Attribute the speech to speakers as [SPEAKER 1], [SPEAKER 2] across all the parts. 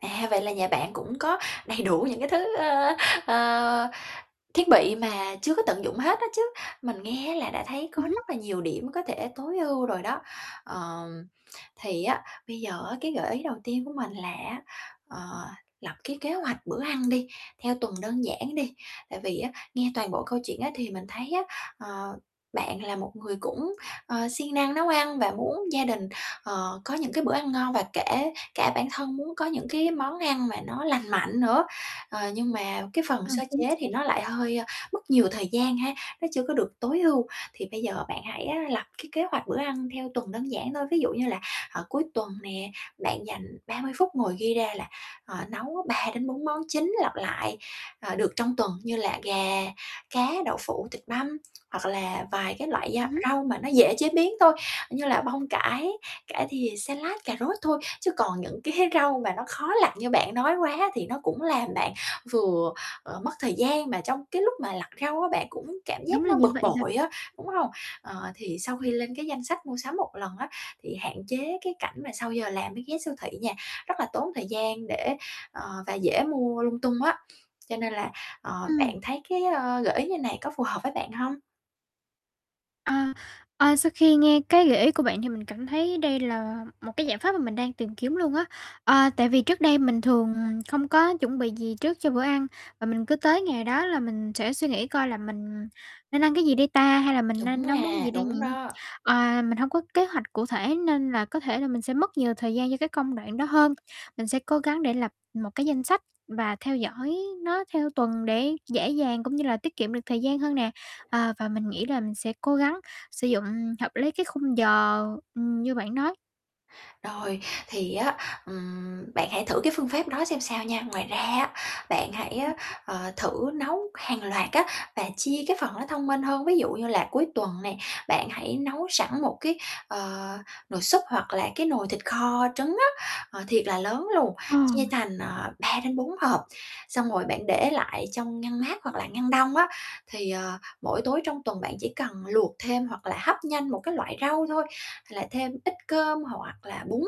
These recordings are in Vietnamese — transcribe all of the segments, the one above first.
[SPEAKER 1] À, vậy là nhà bạn cũng có đầy đủ những cái thứ, ơ, ờ, thiết bị mà chưa có tận dụng hết á chứ, mình nghe là đã thấy có
[SPEAKER 2] Ừm hứm.
[SPEAKER 1] rất là nhiều điểm có thể tối ưu rồi đó. Ờm, thì á, bây giờ á, cái gợi ý đầu tiên của mình là á, ờ, lập cái kế hoạch bữa ăn đi, theo tuần đơn giản đi, tại vì á nghe toàn bộ câu chuyện á thì mình thấy á, ờ, bạn là một người cũng, ờ, siêng năng nấu ăn và muốn gia đình, ờ, có những cái bữa ăn ngon và kể cả bản thân muốn có những cái món ăn mà nó lành mạnh nữa. Ờ, nhưng mà cái phần
[SPEAKER 2] À,
[SPEAKER 1] sơ
[SPEAKER 2] chính
[SPEAKER 1] chế
[SPEAKER 2] xác.
[SPEAKER 1] thì nó lại hơi mất nhiều thời gian ha, nó chưa có được tối ưu, thì bây giờ bạn hãy á lập cái kế hoạch bữa ăn theo tuần đơn giản thôi. Ví dụ như là, ờ, cuối tuần nè, bạn dành 30 phút ngồi ghi ra là, ờ, nấu 3 đến 4 món chính lặp lại, ờ, được trong tuần như là gà, cá, đậu phụ, thịt băm, hoặc là vài cái loại
[SPEAKER 2] Ừm
[SPEAKER 1] gia
[SPEAKER 2] hứm.
[SPEAKER 1] rau mà nó dễ chế biến thôi, như là bông cải, cải thìa, salad, cà rốt thôi. Chứ còn những cái rau mà nó khó lặt như bạn nói quá thì nó cũng làm bạn vừa, ờ, mất thời gian mà trong cái lúc mà lặt rau á bạn cũng cảm giác
[SPEAKER 2] Đúng là
[SPEAKER 1] nó
[SPEAKER 2] như
[SPEAKER 1] bực
[SPEAKER 2] vậy rồi.
[SPEAKER 1] bội á, đúng hông? Ờ, thì sau khi
[SPEAKER 2] Ừm.
[SPEAKER 1] lên cái danh sách mua sắm 1 lần á thì hạn chế cái cảnh mà sau giờ làm mới ghé siêu thị nha, rất là tốn thời gian để ờ, và dễ mua lung tung á, cho nên là, ờ,
[SPEAKER 2] Ừm.
[SPEAKER 1] bạn thấy cái, ơ, gợi ý như này có phù hợp với bạn hông?
[SPEAKER 2] Ờ, ờ, sau khi nghe cái gợi ý của bạn thì mình cảm thấy đây là một cái giải pháp mà mình đang tìm kiếm luôn á. Ờ, tại vì trước đây mình thường, à, không có chuẩn bị gì trước cho bữa ăn, và mình cứ tới ngày đó là mình sẽ suy nghĩ coi là mình nên ăn cái gì đây ta, hay là mình
[SPEAKER 1] Đúng
[SPEAKER 2] nên nấu món
[SPEAKER 1] mà,
[SPEAKER 2] gì đây nhỉ?
[SPEAKER 1] đúng đó.
[SPEAKER 2] À, mình hông có kế hoạch cụ thể nên là có thể là mình sẽ mất nhiều thời gian cho cái công đoạn đó hơn. Mình sẽ cố gắng để lập một cái danh sách và theo dõi nó theo tuần để dễ dàng cũng như là tiết kiệm được thời gian hơn nè, à, và mình nghĩ là mình sẽ cố gắng sử dụng hợp lý cái khung giờ, ừm, như bạn nói.
[SPEAKER 1] Rồi, thì á, ừm, bạn hãy thử cái phương phép đó xem sao nha. Ngoài ra á, bạn hãy
[SPEAKER 2] Ừm
[SPEAKER 1] á,
[SPEAKER 2] hứm.
[SPEAKER 1] ờ, thử nấu hàng loạt á và chia cái phần nó thông minh hơn, ví dụ như là cuối tuần nè, bạn hãy nấu sẵn một cái, ờ, nồi súp hoặc là cái nồi thịt kho trứng á, ờ, thiệt là lớn luôn,
[SPEAKER 2] Ờ.
[SPEAKER 1] chia thành, à, 3 đến 4 hộp, xong rồi bạn để lại trong ngăn mát hoặc là ngăn đông á, thì, ờ, mỗi tối trong tuần bạn chỉ cần luộc thêm, hoặc là hấp nhanh một cái loại rau thôi, là thêm ít cơm hoặc là bún,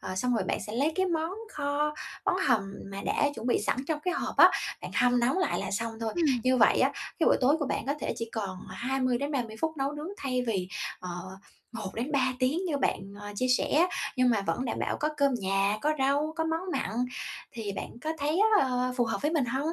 [SPEAKER 1] ờ, xong rồi bạn sẽ lấy cái món kho, món hầm mà đã chuẩn bị sẵn trong cái hộp á, bạn hâm nóng lại là xong thôi.
[SPEAKER 2] Ừm.
[SPEAKER 1] Như vậy á, cái bữa tối của bạn có thể chỉ còn 20 đến 30 phút nấu nướng thay vì, ờ, 1 đến 3 tiếng như bạn, ờ, chia sẻ, nhưng mà vẫn đảm bảo có cơm nhà, có rau, có món mặn, thì bạn có thấy, ờ, phù hợp với mình hông?